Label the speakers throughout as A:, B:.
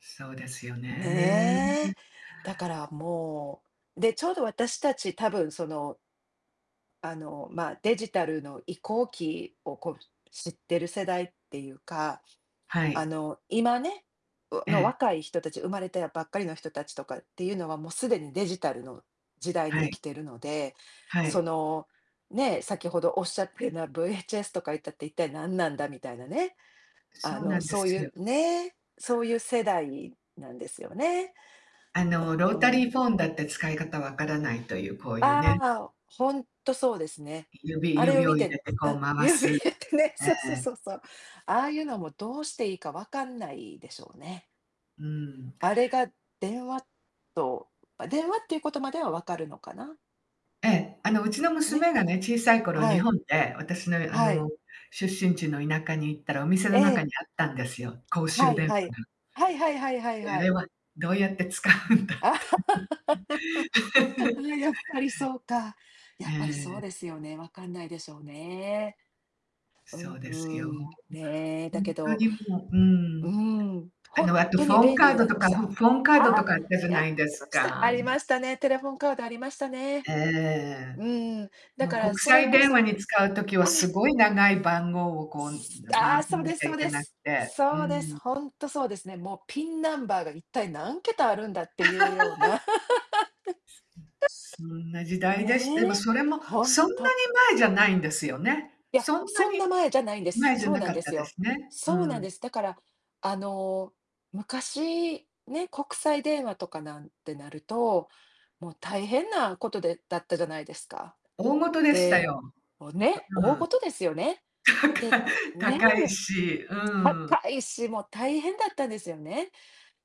A: そうですよね。
B: ねえ。だから、もう、で、ちょうど私たち多分、そのあの、ま、デジタルの移行期を、こう、知ってる世代っていうか、
A: は
B: あ
A: い。
B: の、今ね、う
A: え
B: の
A: え。
B: 若い人たち、生まれたやばっかりの人たちとかっていうのは、もうすでにデジタルの時代に
A: は
B: 生き
A: い。
B: てるので、
A: は
B: そ
A: い。
B: の、ね、先ほどおっしゃってな VHS とか言ったって一体何なんだみたいなね、あ
A: そうな
B: の、
A: んで
B: そうい
A: す
B: う、
A: よ。
B: ね、そういう世代なんですよね。
A: あ
B: あ
A: のロータ
B: あ。
A: リーフォンだって使い方分からないという、こういう
B: あ
A: ね。
B: あ、ほんとそうですね。
A: 指
B: あれを
A: 指
B: 見
A: を入れ
B: て、
A: てこ
B: あ、
A: う回
B: 指
A: す。
B: 入れてね、
A: え
B: そうそう
A: え。
B: そうそう。ああいうのもどうしていいか分かんないでしょうね。
A: うーん。
B: あれが電話と、ま、電話っていうことまではわかるのかな。
A: ええ、あの、うちの
B: ね。
A: 娘がね、小さい頃
B: は
A: 日
B: い。
A: 本で私の、あ
B: はい。
A: の、出身地の田舎に行ったらお店
B: え
A: の中
B: え。
A: にあったんですよ、公
B: は
A: 衆
B: い
A: 電
B: は
A: 話
B: い。
A: が。
B: はいはいはいはい
A: で、あ
B: はい。
A: れはどうやって使うんだって。
B: やっぱりそうか。
A: え
B: やっぱりそう
A: え。
B: ですよね。わかんないでしょうね。うー
A: そうですよ。ほん
B: ん。ね、
A: ほ
B: だ
A: ん
B: け
A: と
B: ど、
A: にもう、う
B: うー
A: ん。
B: ん。
A: あ
B: ほ
A: の、
B: ん
A: あと
B: と
A: フ
B: に
A: ォン
B: 便利
A: カー
B: に
A: ド
B: なり
A: と
B: ま
A: か
B: した。あ
A: フォンカードと
B: あ！
A: かあったじゃ
B: やっ
A: な
B: て
A: いで
B: ま
A: す
B: した。あ
A: か。
B: りましたね、テレフォンカードありましたね。
A: ええ。
B: うん、だ
A: もう
B: から
A: 国
B: それ
A: 際
B: こ
A: 電話
B: そ、
A: に
B: あ
A: 使う時は
B: あ。
A: すごい長い番号をこう
B: あ
A: 回
B: あ、
A: さ
B: そう
A: な
B: です
A: きゃ
B: そう
A: いけ
B: で
A: なく
B: す。
A: て。う
B: そうです、
A: ん。
B: ほんとそうですね。もう PIN ナンバーが一体何桁あるんだっていうような。
A: うん、そんな 時代でしでも
B: ねえ、
A: それも
B: ほん
A: そんなに
B: と。
A: 前じゃないんですよね。
B: いや、
A: そんな
B: そんな
A: に
B: 前じゃないんです。
A: 前じゃ
B: そう
A: な
B: なん
A: か
B: で
A: った
B: す
A: で
B: よ。
A: すね。う
B: そうなん
A: ん。
B: です。だから、あの、昔、ね、国際電話とかなんてなると、もう大変なことでだったじゃないですか。
A: 大事でした
B: で、
A: よ。
B: もうね、
A: う
B: 大
A: ん。
B: 事ですよね。
A: 高
B: で
A: い、
B: ね、
A: 高いし、うん。
B: 高いし、もう大変だったんですよね。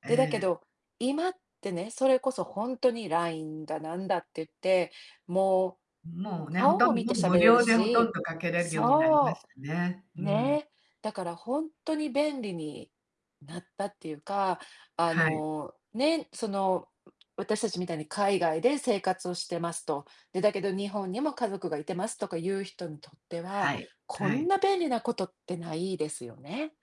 A: え
B: で、だけ
A: え。
B: ど、今ってね、それこそほんとに LINE だなんだって言って、もう、
A: もうね、ほ
B: 顔
A: と
B: も
A: ん
B: 見
A: ども
B: て
A: う
B: 喋
A: 無
B: れる
A: 料でほとん
B: し、
A: どかけれるようになりま
B: そ
A: したね。う
B: う。
A: ーん。
B: ね。だからほんとに便利になったっていうか、あ
A: はい。
B: の、ね、その、わ私たちみたいに海外で生活をしてますと。で、だけど日本にも家族がいてますとかいう人にとっては、
A: はい。
B: こ
A: は
B: ん
A: い。
B: な便利なことってないですよね。